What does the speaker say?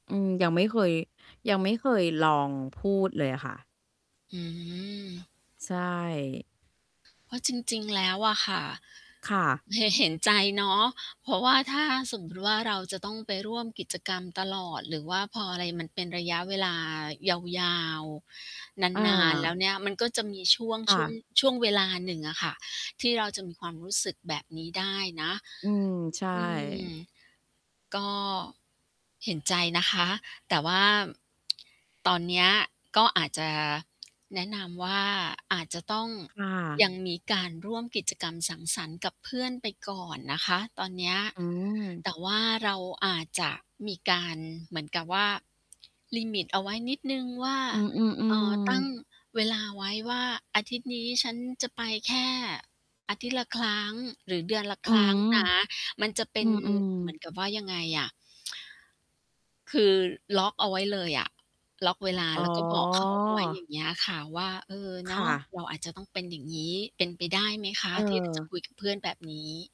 อืม ยังไม่เคย ยังไม่เคยลองพูดเลยค่ะ อืม ใช่ เพราะจริง ๆ แล้วอะค่ะ ค่ะ เหะ เห็นใจเนาะ เพราะว่าถ้าสมมติว่าเราจะต้องไปร่วมกิจกรรมตลอด หรือว่าพออะไรมันเป็นระยะเวลายาว ๆ อนาน ๆ แล้า วเนี่ยมันก็จะมีช่วง คช่่วง ะ ช่วงเวลาหนึ่งอะค่ะ ที่เราจะมีความรู้สึกแบบนี้ได้นะ อืม ใช่ อืม ก็เห็นใจนะคะ แต่ว่า ตอนเนี้ยก็อาจจะ แนะนำว่า อาจจะต้องค่ะ ยังมีการร่วมกิจกรรมสังสรรค์กับเพื่อนไปก่อนนะคะตอนเนี้ย อืม แต่ว่าเราอาจจะมีการเหมือนกับว่า ลิมิต เอาไว้นิดหนึ่งว่า อืม เอ่อ ตัๆ ้ๆ งเวลาไว้ว่า อาทิตย์นี้ฉันจะไปแค่อาทิตย์ละครั้ง หรือเดือนละอืครั้งม นะ มันจะเป็อืนม เหมือนกับๆ ว่ายังไงอะ คือล็อกเอาไว้เลยอะ ล็อกเวลา อแล๋้อ วก็บอก เขาเอาไว้ อย่างเงี้ยค่ะ ว่า "เออ เนคา่ะะ เราอาจจะต้องเป็นอย่างงี้" เป็นไปได้ไหมคะเที่ เราจะออ คุยกับเพื่อนแบบนี้?